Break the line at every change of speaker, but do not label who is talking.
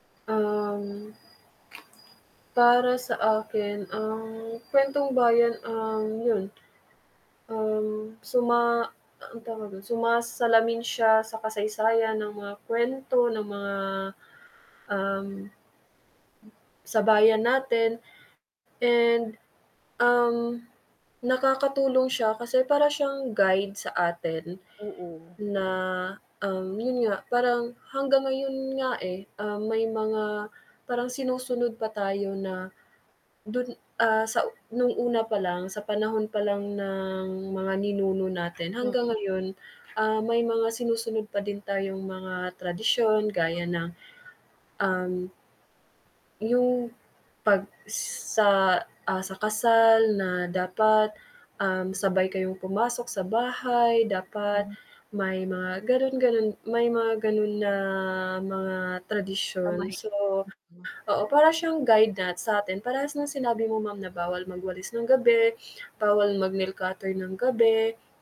Um. Para sa akin ang kwentong bayan ang, yun. Ang suma anong tawag dun, sumasalamin siya sa kasaysayan ng mga kuwento ng mga, um, sa bayan natin. And, um, nakakatulong siya kasi para siyang guide, sa atin
Oo.
na, um, yun nga parang hanggang ngayon nga, eh, ah, may mga parang sinusunod pa tayo na dun, ah, sa nung una pa lang sa panahon pa lang ng mga ninuno natin. Hanggang
Mm.
ngayon, ah, may mga sinusunod pa din tayong mga tradisyon. Gaya ng, um, yung pag, sa, ah, sa kasal na dapat, um, sabay kayong pumasok sa bahay, dapat
Hmm.
may mga ganun, ganun. May mga ganun na mga tradisyon. So,
Pamahiin. Mm.
oo para siyang guide na satin, parehas ng sinabi mo ma'am na bawal magwalis ng gabi, bawal mag-nail cutter ng gabi.